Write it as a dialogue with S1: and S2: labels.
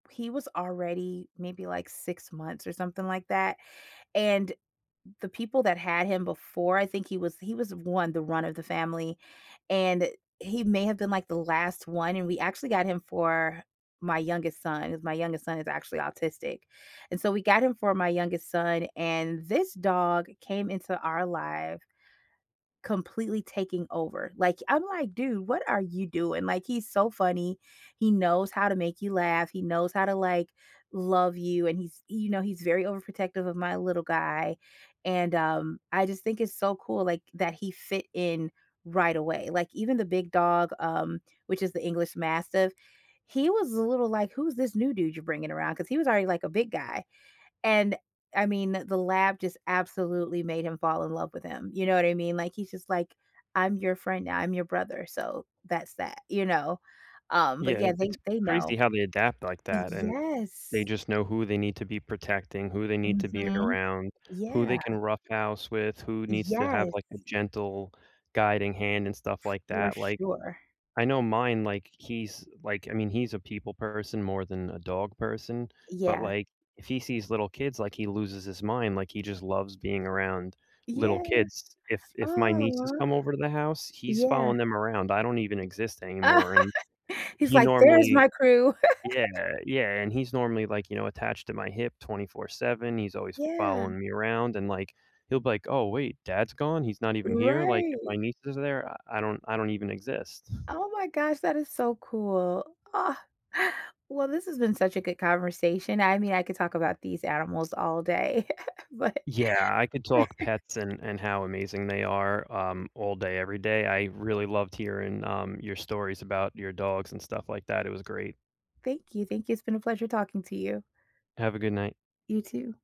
S1: He was already maybe, like, 6 months or something like that, and the people that had him before I think he was he was one the run of the family, and he may have been like the last one, and we actually got him for my youngest son as my youngest son is actually autistic. And so we got him for my youngest son, and this dog came into our life completely taking over. Like, I'm, like, "Dude, what are you doing?" Like, he's so funny, he knows how to make you laugh, he knows how to, like, love you, and he's you know, he's very overprotective of my little guy, and, um, I just think it's so cool, like, that he fit in right away. Like, even the big dog, um, which is the English Mastiff, he was a little, like, "Who's this new dude you're bringing around?" 'Cause he was already, like, a big guy. And, I mean, the lab just absolutely made him fall in love with him. You know what I mean? Like, he's just, like, "I'm your friend, I'm your brother." So, that's that, you know? Um, but,
S2: Yeah,
S1: yeah, they
S2: it's
S1: they
S2: crazy
S1: know.
S2: how they adapt like that and
S1: Yes.
S2: they just know who they need to be protecting, who they need to be
S1: Mhm,
S2: around, who they
S1: yeah.
S2: can roughhouse with, who needs to have
S1: Yes.
S2: like a gentle guiding hand and stuff like
S1: For
S2: that, like,
S1: sure.
S2: I know mine, like he's, like, I mean, he's a people person more than a dog person, but,
S1: Yeah.
S2: like, if he sees little kids, like, he loses his mind. Like he just loves being around little
S1: Yeah.
S2: kids. If if my nieces
S1: Oh.
S2: come over to the house, he's
S1: Yeah.
S2: following them around. I don't even exist anymore and
S1: He's,
S2: he
S1: like, "There's
S2: normally
S1: my crew."
S2: Yeah, yeah, and he's normally like, you know, attached to my hip 24/7, he's always
S1: Yeah.
S2: following me around and like he'll be like, "Oh wait, dad's gone? He's not even here?" Like if my
S1: Right.
S2: niece is there, I I don't I don't even exist.
S1: Oh my gosh, that is so cool. Ah, well, this has been such a good conversation. I mean, I could talk about these animals all day, but
S2: Yeah, I could talk pets and and how amazing they are, um, all day every day. I really loved hearing, um, your stories about your dogs and stuff like that. It was great.
S1: Thank you, thank you. It's been a pleasure talking to you.
S2: Have a good night.
S1: You, too.